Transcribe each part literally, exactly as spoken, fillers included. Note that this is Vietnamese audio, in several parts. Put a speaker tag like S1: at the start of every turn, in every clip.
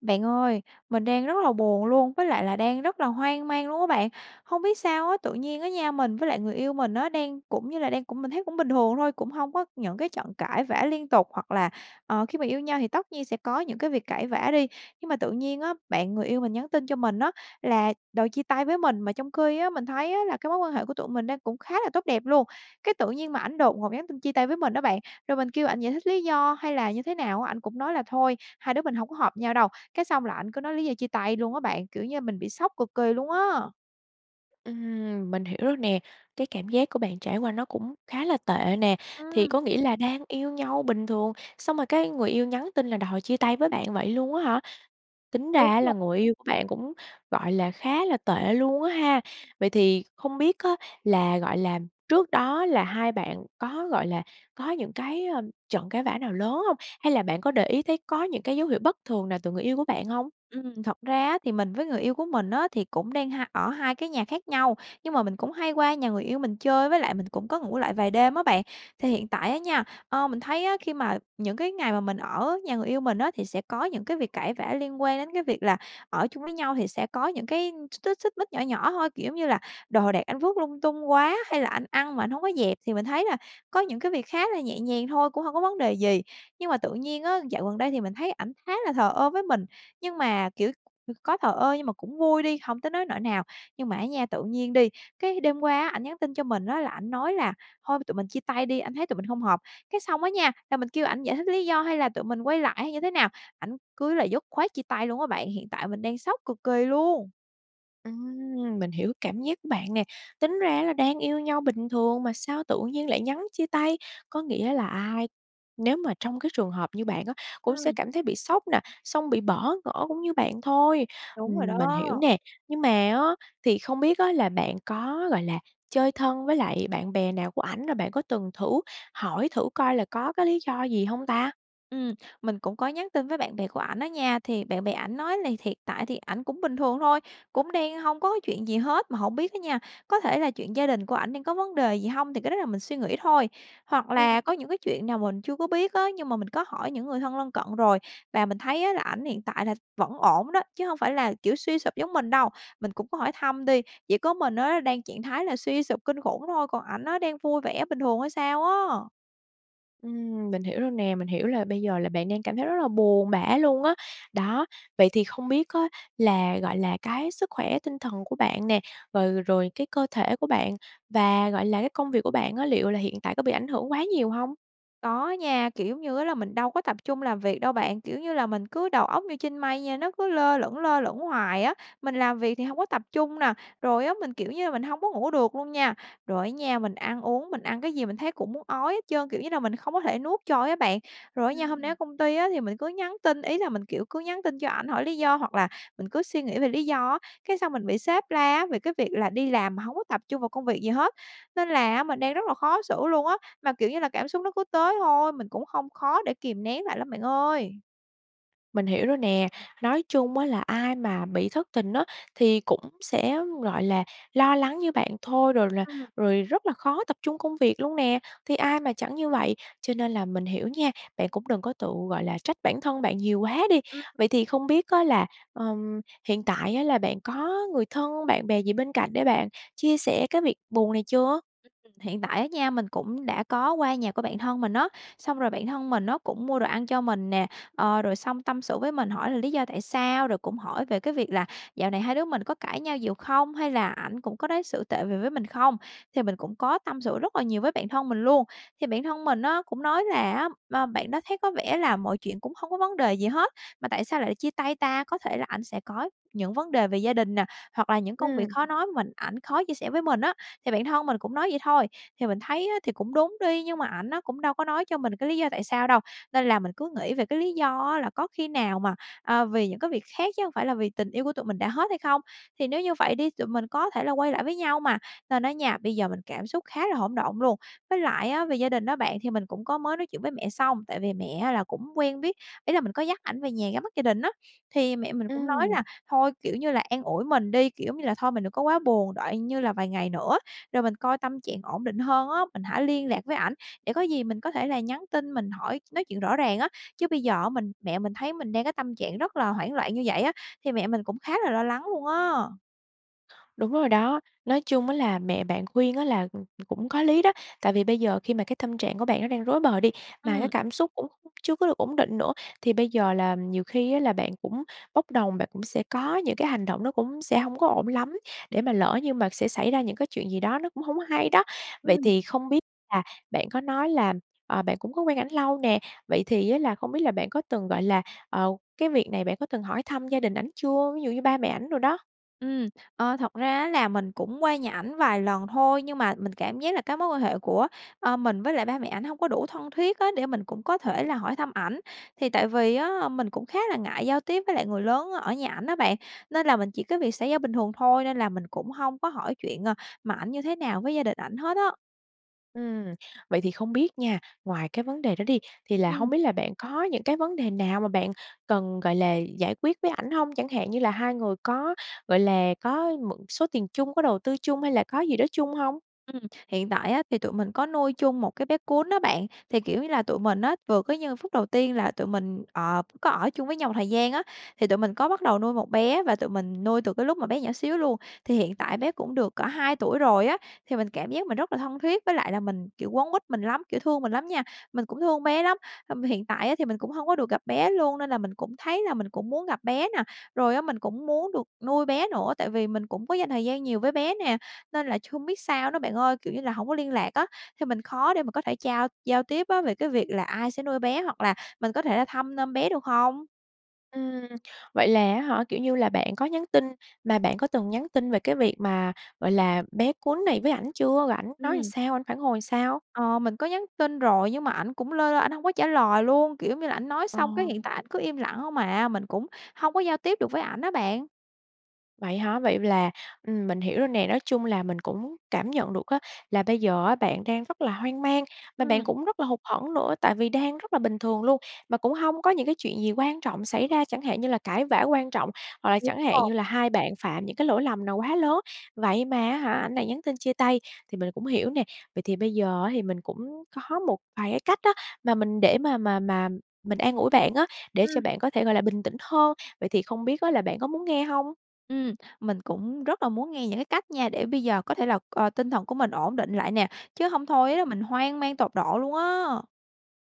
S1: Bạn ơi, mình đang rất là buồn luôn, với lại là đang rất là hoang mang luôn á bạn. Hông biết sao á, tự nhiên á nha, mình với lại người yêu mình á đang cũng như là đang cũng mình thấy cũng bình thường thôi, cũng hông có những cái trận cãi vã liên tục, hoặc là, ờ, khi mà yêu nhau thì tất nhiên sẽ có những cái việc cãi vã đi. Nhưng mà tự nhiên á, bạn người yêu mình nhắn tin cho mình á, là đòi chia tay với mình, mà trong khi á, mình thấy á là cái mối quan hệ của tụi mình đang cũng khá là tốt đẹp luôn. Cái tự nhiên mà ảnh đột ngột nhắn tin chia tay với mình á bạn, rồi mình kêu ảnh giải thích lý do hay là như thế nào á, ảnh cũng nói là "Thôi, hai đứa mình hổng có hợp nhau đâu." Cái xong là ảnh cứ nói lý do chia tay luôn á bạn, kiểu như mình bị sốc cực kỳ luôn á!
S2: Ừm, mình hiểu rồi nè. Cái cảm giác của bạn trải qua nó cũng khá là tệ nè. Thì
S1: Ừm.
S2: có nghĩa là đang yêu nhau bình thường, xong rồi cái người yêu nhắn tin là đòi chia tay với bạn vậy luôn á hả? Tính ra
S1: Đúng
S2: á là
S1: rồi.
S2: người yêu của bạn cũng, gọi là, khá là tệ luôn á ha! Vậy thì hông biết á là, gọi là, trước đó là hai bạn có, gọi là, có những cái, ơ, trận cãi vã nào lớn hông? Hay là bạn có để ý thấy có những cái dấu hiệu bất thường nào từ người yêu của bạn hông?
S1: Ừm, thật ra á, thì mình với người yêu của mình á, thì cũng đang hai ở hai cái nhà khác nhau. Nhưng mà mình cũng hay qua nhà người yêu mình chơi, với lại mình cũng có ngủ lại vài đêm á bạn. Thì hiện tại á nha, ờ, mình thấy á, khi mà những cái ngày mà mình ở nhà người yêu mình á, thì sẽ có những cái việc cãi vã liên quan đến cái việc là ở chung với nhau thì sẽ có những cái x xích xích mích nhỏ nhỏ thôi. Kiểu giống như là đồ đạc anh vứt lung tung quá hay là anh ăn mà anh hông có dẹp, thì mình thấy là có những cái việc khá là nhẹ nhàng thôi, cũng hông có vấn đề gì. Nhưng mà tự nhiên á, dạo gần đây thì mình thấy ảnh khá là thờ ơ với mình, nhưng mà, kiểu, [unintelligible] có thờ ơ nhưng mà cũng vui đi, hông tới nối nỗi nào. Nhưng mà á nha, tự nhiên đi, cái đêm qua á, ảnh nhắn tin cho mình á là ảnh nói là "Thôi tụi mình chia tay đi, anh thấy tụi mình hông hợp." Cái xong á nha, là mình kêu ảnh giải thích lý do hay là tụi mình quay lại hay như thế nào, ảnh cứ là dứt khoát chia tay luôn á bạn. Hiện tại mình đang sốc cực kỳ luôn!
S2: Ừm, mình hiểu cảm giác của bạn nè. Tính ra á là đang yêu nhau bình thường mà sao tự nhiên lại nhắn chia tay, có nghĩa là ai nếu mà trong cái trường hợp như bạn á, cũng sẽ
S1: Ừm.
S2: cảm thấy bị sốc nè, xong bị bỡ ngỡ cũng như bạn thôi.
S1: Đúng rồi
S2: Ừm, mình hiểu
S1: đó.
S2: nè. Nhưng mà á, thì không biết á là bạn có, gọi là, chơi thân với lại bạn bè nào của ảnh, rồi bạn có từng thử hỏi thử coi là có cái lý do gì hông ta?
S1: Ừm, mình cũng có nhắn tin với bạn bè của ảnh á nha. Thì bạn bè ảnh nói là thiện tại thì ảnh cũng bình thường thôi, cũng đang hông có chuyện gì hết. Mà hổng biết á nha, có thể là chuyện gia đình của ảnh đang có vấn đề gì hông, thì cái đó là mình suy nghĩ thôi. Hoặc
S2: Ừm.
S1: là có những cái chuyện nào mình chưa có biết á, nhưng mà mình có hỏi những người thân lân cận rồi, và mình thấy á là ảnh hiện tại là vẫn ổn đó, chứ hông phải là kiểu suy sụp giống mình đâu. Mình cũng có hỏi thăm đi, chỉ có mình á, đang trạng thái là suy sụp kinh khủng thôi, còn ảnh á, đang vui vẻ bình thường hay sao á.
S2: Ừm, mình hiểu rồi nè, mình hiểu là bây giờ là bạn đang cảm thấy rất là buồn bã luôn á. Đó, vậy thì không biết á là, gọi là, cái sức khỏe tinh thần của bạn nè, rồi rồi cái cơ thể của bạn và, gọi là, cái công việc của bạn á, liệu là hiện tại có bị ảnh hưởng quá nhiều hông?
S1: Có á nha, kiểu, giống như á là mình đâu có tập trung làm việc đâu bạn, kiểu như là, mình cứ đầu óc như trên mây nha, nó cứ lơ lửng, lơ lửng hoài á, mình làm việc thì hông có tập trung nè, rồi á mình, kiểu như là, mình hông có ngủ được luôn nha. Rồi á nha, mình ăn uống, mình ăn cái gì mình thấy cũng muốn ói hết trơn, kiểu như là, mình không có thể nuốt trôi á bạn. Rồi á nha, hôm nay
S2: Ừm.
S1: ở công ty á thì mình cứ nhắn tin, ý là mình, kiểu, cứ nhắn tin cho ảnh hỏi lý do hoặc là mình cứ suy nghĩ về lý do á, cái xong mình bị sếp la á, về cái việc là đi làm mà hông có tập trung vào công việc gì hết. Nên là á mình đang rất là khó xử luôn á, mà, kiểu như là, cảm xúc nó cứ tới thôi, mình cũng hông khó để kìm nén lại lắm bạn ơi.
S2: Mình hiểu rồi nè, nói chung á là ai mà bị thất tình á, thì cũng sẽ, gọi là, lo lắng như bạn thôi, rồi là
S1: Ừm.
S2: rồi rất là khó tập trung công việc luôn nè, thì ai mà chẳng như vậy, cho nên là mình hiểu nha, bạn cũng đừng có tự, gọi là, trách bản thân bạn nhiều quá đi.
S1: Ừm.
S2: Vậy thì không biết á là, ừm, hiện tại á là bạn có người thân, bạn bè gì bên cạnh để bạn chia sẻ cái việc buồn này chưa?
S1: Hiện tại á nha, mình cũng đã có qua nhà của bạn thân mình á, xong rồi bạn thân mình á, cũng mua đồ ăn cho mình nè, ờ, rồi xong tâm sự với mình hỏi là lý do tại sao, rồi cũng hỏi về cái việc là dạo này hai đứa mình có cãi nhau nhiều không, hay là ảnh cũng có đối xử tệ về với mình không, thì mình cũng có tâm sự rất là nhiều với bạn thân mình luôn. Thì bạn thân mình á, cũng nói là á b bạn đó thấy có vẻ là mọi chuyện cũng hông có vấn đề gì hết mà tại sao lại chia tay ta, có thể là ảnh sẽ có những vấn đề về gia đình nè, hoặc là những công việc
S2: Ừm.
S1: khó nói mình ảnh khó chia sẻ với mình á, thì bạn thân mình cũng nói vậy thôi. Thì mình thấy á thì cũng đúng đi, nhưng mà ảnh á, cũng đâu có nói cho mình cái lý do tại sao đâu, nên là mình cứ nghĩ về cái lý do á, là có khi nào mà, à, vì những cái việc khác chứ hông phải là vì tình yêu của tụi mình đã hết hay không, thì nếu như vậy đi, tụi mình có thể là quay lại với nhau mà, nên á nha, bây giờ mình cảm xúc khá là hỗn độn luôn. Với lại á về gia đình á bạn, thì mình cũng có mới nói chuyện với mẹ xong, tại vì mẹ á là cũng quen biết, ý là mình có dắt ảnh về nhà ra mắt gia đình á. Thì mẹ mình cũng nói
S2: Ừm.
S1: là thôi, kiểu như là an ủi mình đi, kiểu, giống như là, thôi mình đừng có quá buồn, đợi như là vài ngày nữa rồi mình coi tâm trạng ổn định hơn á, mình hãy liên lạc với ảnh, để có gì mình có thể là nhắn tin mình hỏi nói chuyện rõ ràng á, chứ bây giờ á, mình mẹ mình thấy mình đang cái tâm trạng rất là hoảng loạn như vậy á thì mẹ mình cũng khá là lo lắng luôn á.
S2: Đúng rồi đó. Nói chung á, là mẹ bạn khuyên á là, ừm, ừm, cũng có lý đó. Tại vì bây giờ khi mà cái tâm trạng của bạn nó đang rối bời đi, mà cái
S1: Ừm.
S2: cảm xúc cũng [unintelligible] chưa có được ổn định nữa, thì bây giờ là nhiều khi á là bạn cũng bốc đồng, bạn cũng sẽ có những cái hành động nó cũng sẽ hông có ổn lắm để mà lỡ như mà sẽ xảy ra những cái chuyện gì đó nó cũng hổng hay đó. Vậy
S1: Ừm.
S2: thì không biết là bạn có nói là, ờ, bạn cũng có quen ảnh lâu nè, vậy thì á là hông biết là bạn có từng, gọi là, ờ cái việc này bạn có từng hỏi thăm gia đình ảnh chưa, ví dụ như ba mẹ ảnh đồ đó?
S1: Ừm, ờ, thật ra á, là mình cũng qua nhà ảnh vài lần thôi. Nhưng mà mình cảm giác là cái mối quan hệ của, a, mình với lại ba mẹ ảnh hông có đủ thân thiết á, để mình cũng có
S2: Ừm.
S1: thể là hỏi thăm ảnh. Thì tại vì á, mình cũng khá là ngại giao tiếp với lại người lớn ở nhà ảnh á bạn, nên là mình chỉ có việc xã giao bình thường thôi, nên là mình cũng hông có hỏi chuyện, à, mà ảnh như thế nào với gia đình ảnh hết á.
S2: Ừm, vậy thì không biết nha, ngoài cái vấn đề đó đi, thì là hông
S1: Ừm.
S2: biết là bạn có những cái vấn đề nào mà bạn cần, gọi là, giải quyết với ảnh hông? Chẳng hạn như là hai người có, gọi là, có một số tiền chung, có đầu tư chung hay là có gì đó chung hông?
S1: Ừm, hiện tại á, thì tụi mình có nuôi chung một cái bé cún á bạn, thì, kiểu như là, tụi mình á, vừa cứ như phút đầu tiên là tụi mình ờ, có ở chung với nhau một thời gian á, thì tụi mình có bắt đầu nuôi một bé và tụi mình nuôi từ cái lúc mà bé nhỏ xíu luôn, thì hiện tại bé cũng được cỡ hai tuổi rồi á, thì mình cảm giác mình rất là thân thiết với lại là mình kiểu, quấn quýt mình lắm, kiểu, thương mình lắm nha. Mình cũng thương bé lắm, hâm hiện tại á, thì mình cũng hông có được gặp bé luôn nên là mình cũng thấy là mình cũng muốn gặp bé nè, rồi á, mình cũng muốn được nuôi bé nữa, tại vì mình cũng có dành thời gian nhiều với bé nè, nên làch hông biết sao nữa bạn ơi, kiểu như là, hổng có liên lạc á, thì mình khó để mà có thể trao giao tiếp á, về cái việc là ai sẽ nuôi bé hoặc là mình có thể là thăm nom bé, được hông?
S2: Ừm. Vậy là á hả, kiểu như là, bạn có nhắn tin mà bạn có từng nhắn tin về cái việc mà, gọi là, bé cún này với ảnh chưa, rồiảnh nói
S1: Ừm.
S2: sao, ảnh phản hồi sao?
S1: Ờ, mình có nhắn tin rồi nhưng mà ảnh cũng lơ lơ, ảnh hông có trả lời luôn, kiểu giống như là, ảnh nói
S2: Ờ.
S1: xong, cái, hiện tại ảnh cứ im lặng hông à. Mình cũng hông có giao tiếp được với ảnh á bạn.
S2: Vậy hả? Vậy là, ừm, mình hiểu rồi nè, nói chung là mình cũng cảm nhận được á, là bây giờ á, bạn đang rất là hoang mang và bạn
S1: Ừm.
S2: cũng rất là hụt hẫng nữa tại vì đang rất là bình thường luôn, mà cũng hông có những cái chuyện gì quan trọng xảy ra, chẳng hạn như là cãi vã quan trọng hoặc là
S1: Đúng
S2: chẳng hạn
S1: rồi.
S2: như là hai bạn phạm những cái lỗi lầm nào quá lớn. Vậy mà á hả, anh này nhắn tin chia tay thì mình cũng hiểu nè. Vậy thì bây giờ á, thì mình cũng có một vài cái cách á, mà mình để mà mà mà mình an ủi bạn á, để cho
S1: Ừm.
S2: bạn có thể, gọi là, bình tĩnh hơn. Vậy thì không biết á, là bạn có muốn nghe hông?
S1: Ừm, mình cũng rất là muốn nghe những cái cách nha, để bây giờ có thể là, ờ, tinh thần của mình ổn định lại nè, chứ hông thôi á là mình hoang mang tột độ luôn á!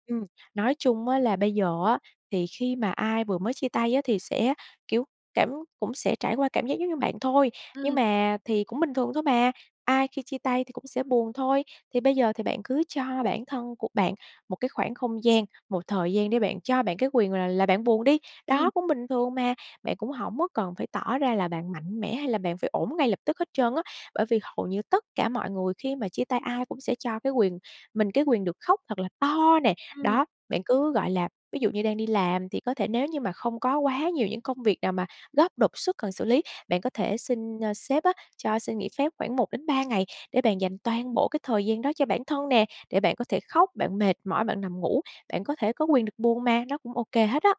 S2: Ừm, nói chung á là bây giờ á, thì khi mà ai vừa mới chia tay á thì sẽ, kiểu, cảm cũng sẽ trải qua cảm giác giống như bạn thôi, nhưng
S1: Ừm.
S2: mà thì cũng bình thường thôi mà, ai khi chia tay thì cũng sẽ buồn thôi. Thì bây giờ thì bạn cứ cho bản thân của bạn một cái khoảng không gian, một thời gian để bạn cho bạn cái quyền là là bạn buồn đi,
S1: Ừm.
S2: đó, cũng bình thường mà. Bạn cũng hổng có cần phải tỏ ra là bạn mạnh mẽ hay là bạn phải ổn ngay lập tức hết trơn á, bởi vì hầu như tất cả mọi người khi mà chia tay ai cũng sẽ cho cái quyền mình cái quyền được khóc thật là to nè.
S1: Ừm.
S2: Đó, bạn cứ, gọi là ví dụ như đang đi làm, thì có thể nếu như mà không có quá nhiều những công việc nào mà gấp, đột xuất cần xử lý, bạn có thể xin, a, sếp á cho xin nghỉ phép khoảng một đến ba ngày, để bạn dành toàn bộ cái thời gian đó cho bản thân nè, để bạn có thể khóc, bạn mệt mỏi, bạn nằm ngủ, bạn có thể có quyền được buồn mà, nó cũng ô kê hết á.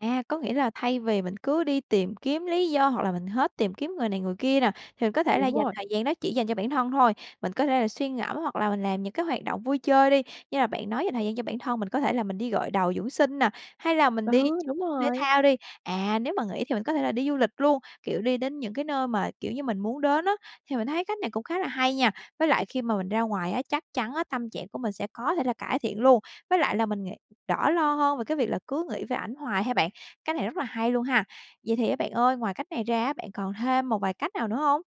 S1: À, có nghĩa là thay vì mình cứ đi tìm kiếm lý do, hoặc là mình hết tìm kiếm người này người kia nè, thì mình có thể là
S2: Đúng
S1: dành
S2: rồi.
S1: thời gian đó chỉ dành cho bản thân thôi, mình có thể là suy ngẫm, hoặc là mình làm những cái hoạt động vui chơi đi. Như là bạn nói dành thời gian cho bản thân, mình có thể là mình đi gội đầu dưỡng sinh nè, hay là mình đi
S2: Ừ,
S1: chơi
S2: đúng
S1: cái môn thể
S2: rồi.
S1: thao đi. À, nếu mà nghỉ thì mình có thể là đi du lịch luôn, kiểu, đi đến những cái nơi mà, kiểu như, mình muốn đến á, thì mình thấy cách này cũng khá là hay nha. Với lại khi mà mình ra ngoài á, chắc chắn á tâm trạng của mình sẽ có thể là cải thiện luôn, với lại là mình nghị đỡ lo hơn về cái việc là cứ nghĩ về ảnh hoài ha bạn, cái này rất là hay luôn ha. Vậy thì á bạn ơi, ngoài cách này ra á, bạn còn thêm một vài cách nào nữa hông?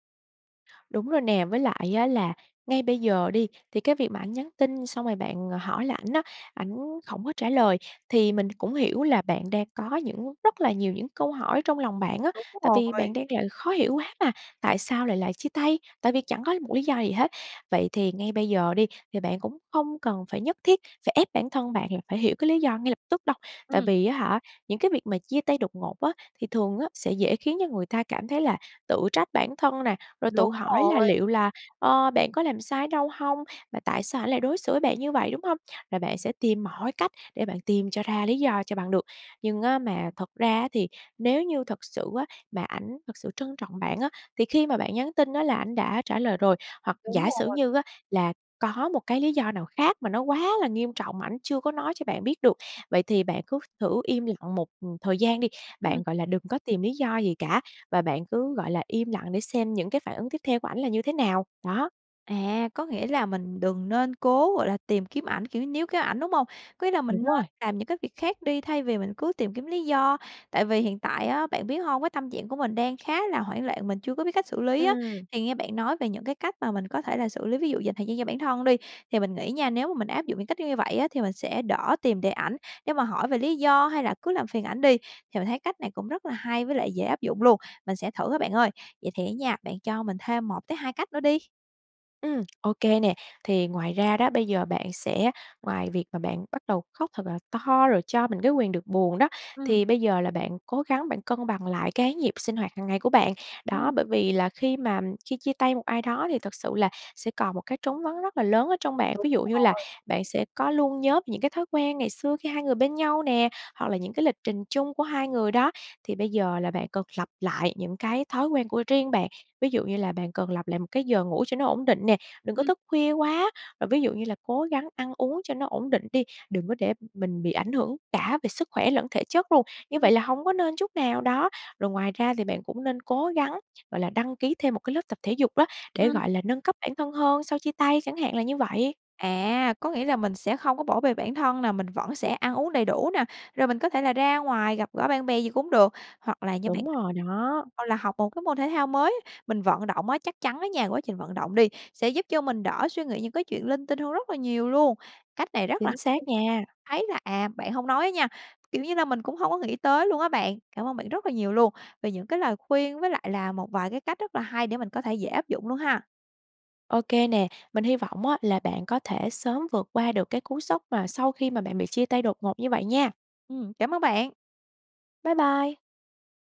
S2: Đúng rồi nè. Với lại á, là ngay bây giờ đi, thì cái việc mà ảnh nhắn tin xong rồi bạn hỏi lại ảnh á, ảnh hổng có trả lời, thì mình cũng hiểu là bạn đang có những rất là nhiều những câu hỏi trong lòng bạn á,
S1: Đúng
S2: tại vì
S1: rồi.
S2: bạn đang là khó hiểu quá mà. Tại sao lại là chia tay, tại vì chẳng có một lý do gì hết. Vậy thì ngay bây giờ đi thì bạn cũng hông cần phải nhất thiết phải ép bản thân bạn là phải hiểu cái lý do ngay lập tức đâu. Tại
S1: Ừm.
S2: vì á hả, những cái việc mà chia tay đột ngột á thì thường á sẽ dễ khiến cho người ta cảm thấy là tự trách bản thân nè, rồi tự
S1: Đúng
S2: hỏi là
S1: rồi.
S2: liệu là, ơ, bạn có làm sai ở đâu hông? Và tại sao ảnh lại đối xử với bạn như vậy, đúng hông? Là bạn sẽ tìm mọi cách để bạn tìm cho ra lý do cho bằng được. Nhưng á mà thật ra á thì nếu như thật sự á mà ảnh thật sự trân trọng bạn á thì khi mà bạn nhắn tin á là ảnh đã trả lời rồi, hoặc
S1: Đúng
S2: giả sử
S1: rồi.
S2: như á là có một cái lý do nào khác mà nó quá là nghiêm trọng mà ảnh chưa có nói cho bạn biết được. Vậy thì bạn cứ thử im lặng một, ừm, thời gian đi.
S1: Ừm.
S2: Bạn, gọi là, đừng có tìm lý do gì cả, và bạn cứ, gọi là, im lặng để xem những cái phản ứng tiếp theo của ảnh là như thế nào, đó.
S1: À, có nghĩa là mình đừng nên cố, gọi là, tìm kiếm ảnh, kiểu níu kéo ảnh, đúng hông? Có nghĩa là mình
S2: Đúng
S1: nên
S2: rồi.
S1: làm những cái việc khác đi thay vì mình cứ tìm kiếm lý do. Tại vì hiện tại á, bạn biết hông? Cái tâm trạng của mình đang khá là hoảng loạn, mình chưa có biết cách xử lý á,
S2: Ừm.
S1: thì nghe bạn nói về những cái cách mà mình có thể là xử lý, ví dụ dành thời gian cho bản thân đi, thì mình nghĩ nha, nếu mà mình áp dụng những cách như như vậy á, thì mình sẽ đỡ tìm để ảnh nếu mà hỏi về lý do hay là cứ làm phiền ảnh đi. Thì mình thấy cách này cũng rất là hay với lại dễ áp dụng luôn, mình sẽ thử á bạn ơi. Vậy thì á nha, bạn cho mình thêm một tới hai cách nữa đi.
S2: Ừm, OK nè. Thì ngoài ra đó, bây giờ bạn sẽ ngoài việc mà bạn bắt đầu khóc thật là to rồi cho mình cái quyền được buồn đó,
S1: Ừm.
S2: thì bây giờ là bạn cố gắng bạn cân bằng lại cái nhịp sinh hoạt hàng ngày của bạn. Đó,
S1: Ừm.
S2: bởi vì là khi mà khi chia tay một ai đó thì thật sự là sẽ còn một cái trống vắng rất là lớn ở trong bạn,
S1: Đúng
S2: ví dụ như là
S1: rồi.
S2: bạn sẽ có luôn nhớ những cái thói quen ngày xưa khi hai người bên nhau nè, hoặc là những cái lịch trình chung của hai người đó. Thì bây giờ là bạn cần lập lại những cái thói quen của riêng bạn, ví dụ như là bạn cần lập lại một cái giờ ngủ cho nó ổn định nè, đừng có
S1: Ừm.
S2: thức khuya quá. À, ví dụ như là cố gắng ăn uống cho nó ổn định đi, đừng có để mình bị ảnh hưởng cả về sức khỏe lẫn thể chất luôn, như
S1: Ừm.
S2: vậy là hông có nên chút nào đó. Rồi ngoài ra thì bạn cũng nên cố gắng, gọi là, đăng ký thêm một cái lớp tập thể dục á, để,
S1: Ừm.
S2: gọi là, nâng cấp bản thân hơn sau chia tay chẳng hạn là như vậy.
S1: À! Có nghĩa là mình sẽ không có bỏ bê bản thân nè, mình vẫn sẽ ăn uống đầy đủ nè, rồi mình có thể là ra ngoài gặp gỡ bạn bè gì cũng được, hoặc là như bạn
S2: Đúng rồi
S1: [unintelligible]
S2: đó.
S1: hoặc là học một cái môn thể thao mới, mình vận động á, chắc chắn á nha, quá trình vận động đi, sẽ giúp cho mình đỡ suy nghĩ những cái chuyện linh tinh hơn rất là nhiều luôn. Cách này rất là
S2: Chính xác
S1: [unintelligible]
S2: nha.
S1: thấy là, à, bạn hông nói á nha, kiểu như là mình cũng hông có nghĩ tới luôn á bạn. Cảm ơn bạn rất là nhiều luôn, về những cái lời khuyên với lại là một vài cái cách rất là hay để mình có thể dễ áp dụng luôn ha.
S2: OK nè, mình hy vọng á là bạn có thể sớm vượt qua được cái cú sốc mà sau khi mà bạn bị chia tay đột ngột như vậy nha!
S1: Ừm, cảm ơn bạn!
S2: Bye bye!